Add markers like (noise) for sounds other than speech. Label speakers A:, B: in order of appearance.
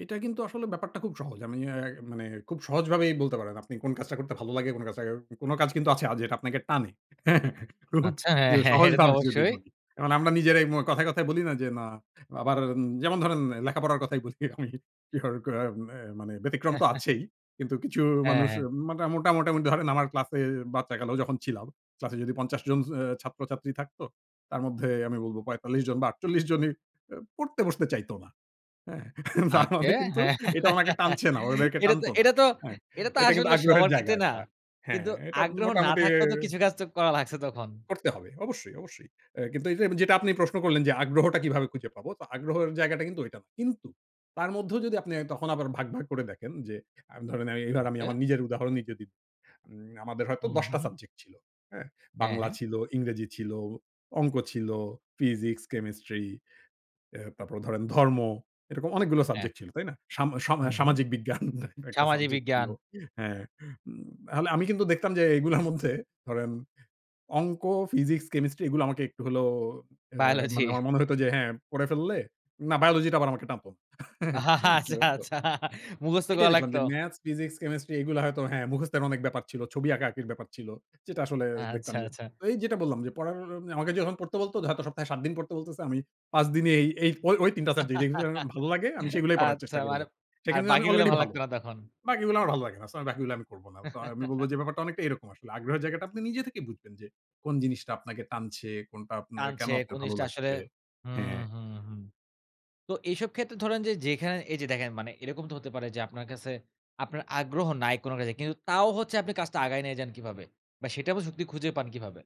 A: এটা কিন্তু আসলে ব্যাপারটা খুব সহজ। আমি অ্যা মানে খুব সহজভাবেই বলতে পারেন। আপনি কোন কাজটা করতে ভালো লাগে, কোন কাছাও কোন কাজ কিন্তু আছে আ যেটা আপনাকে টানে। হ্যাঁ, খুব
B: আচ্ছা হ্যাঁ,
A: যে
B: হ্যাঁ এটা তো
A: সহজভাবে যদি
B: অবশ্যই।
A: বলি এখন আমরা নিজেরাই মু কথায়, কথায়, বলি না যে, "না!' আবার উম যেমন ধরেন লেখাপড়ার কথাই বলি আমি (unintelligible) অ্যা মানে ব্যতিক্রম তো
B: (chuckles)
A: আছেই। কিন্তু কিছু
B: হ্যাঁ,
A: মানুষ
B: হ্যাঁ।
A: মাটা মোটা মোটামুটি ধরেন আমার ক্লাসে বাচ্চাকালেও যখন ছিলাম। ক্লাসে যদি ৫০ জন স অ্যা ছাত্রছাত্রী থাকতো তার মধ্যে আমি বলব ৪৫ জন বা (scoffs) ৪৮ জনই অ্যা পড়তে বসতে চাইত না। হ্যাঁ? (chuckles) তার
B: আজ্ঞে।
A: মানে
B: (giggles)
A: কিন্তু
B: হ্যাঁ
A: এটা ওনাকে টানছে না, ওদেরকে
B: এটা তো
A: টানতো না,
B: এটা তো
A: হ্যাঁ।
B: এটা তো
A: এটা কিন্তু
B: আসলে
A: আগ্রহের
B: সবার
A: জায়গা
B: ক্ষেত্রে না।
A: একটা। হ্যাঁ
B: কিন্তু
A: এটা
B: আগ্রহ না
A: মোটামুটি
B: থাকলে তো কিছু কাজ তো করা লাগছে তখন।
A: করতে হবে। অবশ্যই, অবশ্যই। অ্যা কিন্তু এই যে, যেটা আপনি প্রশ্ন করলেন যে আগ্রহটা কিভাবে খুঁজে পাবো? তো আগ্রহের জায়গাটা কিন্তু ওইটা না, কিন্তু তার মধ্যেও যদি আপনি তখন আবার ভাগ, ভাগ, করে দেখেন যে আ ধরেন আমি এবার আমি
B: ওকে।
A: আমার নিজের উদাহরণই যদি উম আমাদের হয়তো
B: হুম,
A: ১০ টা
B: হুম।
A: সাবজেক্ট ছিল, হ্যাঁ?
B: হ্যাঁ,
A: 'বাংলা'
B: হ্যাঁ।
A: ছিল, 'ইংরেজি' ছিল, 'অঙ্ক' ছিল, 'ফিজিক্স', 'কেমিস্ট্রি' অ্যা তারপর ধরেন 'ধর্ম', এরকম অনেকগুলো
B: হ্যাঁ।
A: সাবজেক্ট ছিল, তাই না? সাম সাম
B: হুম, হুম।
A: সামাজিক (scoffs) বিজ্ঞান একটা
B: 'সামাজিক
A: সাবজেক্ট ছিল
B: বিজ্ঞান'
A: হ্যাঁ। উম হালে আমি কিন্তু দেখতাম যে (scoffs) এগুলার মধ্যে ধরেন 'অংক', 'ফিজিক্স', 'কেমিস্ট্রি' এগুলো আমাকে একটু হলেও
B: (scoffs)
A: অ্যা মানে
B: 'বায়োলজি'
A: আমার মনে হতো যে হ্যাঁ পড়ে ফেললে। না 'বায়োলজি' টা আবার আমাকে টানতো ন (laughs)
B: (laughs) আচ্ছা, আচ্ছা,
A: (unintelligible)
B: মুখস্থ
A: এটাই
B: করা
A: দেখলাম
B: লাগতো।
A: যে 'ম্যাথস', 'ফিজিক্স', 'কেমিস্ট্রি' এগুলো হয়তো হ্যাঁ মুখস্থের অনেক ব্যাপার ছিল। ছবি আঁকাআঁকির ব্যাপার ছিল। যেটা আসলে দেখতাম
B: আচ্ছা,
A: যে
B: আচ্ছা।
A: তো এই যেটা বললাম যে পড়ার ও আগে যে পড়তে বলতো হয়তো সপ্তাহে ৭ দিন পড়তে বলতেছে। আমি ৫ দিনই এই ঐ, ঐ, ৩ টা (unintelligible)
B: (laughs)
A: ভাল লাগে আমি সেগুলোই পড়ার
B: আচ্ছা,
A: চেষ্টা করে
B: মানে
A: যাচ্ছি।
B: আর
A: সেখানে আমি
B: বাকিগুলা
A: অলরেডি
B: ভাল
A: ভালো।
B: লাগতো না তখন?
A: বাকিগুলো আমার ভাল লাগে না। সো আমি বাকিগুলো আমি করব না। তো আমি বলব যে
B: (laughs)
A: ব্যাপারটা অনেকটা এরকম আসলে। আগ্রহের জায়গাটা আপনি নিজে থেকেই বুঝবেন যে কোন জিনিসটা আপনাকে টানছে, কোনটা আপনার কেন
B: টানছে
A: আপনার
B: কোন
A: ভালো
B: জিনিসটা আসলে
A: লাগছে।
B: হুম,
A: হ্যাঁ।
B: হুম, হুম। তো এইসব ক্ষেত্রে ধরেন যে যেইখানে এই যে দেখেন মানে এরকম তো হতে পারে যে আপনার কাছে আপনার আগ্রহ নাই কোনটাতে। কিন্তু তাও হচ্ছে আপনি কাজটা আগায় নিয়ে যান কিভাবে? বা সেটাবও যুক্তি খুঁজে পান কিভাবে?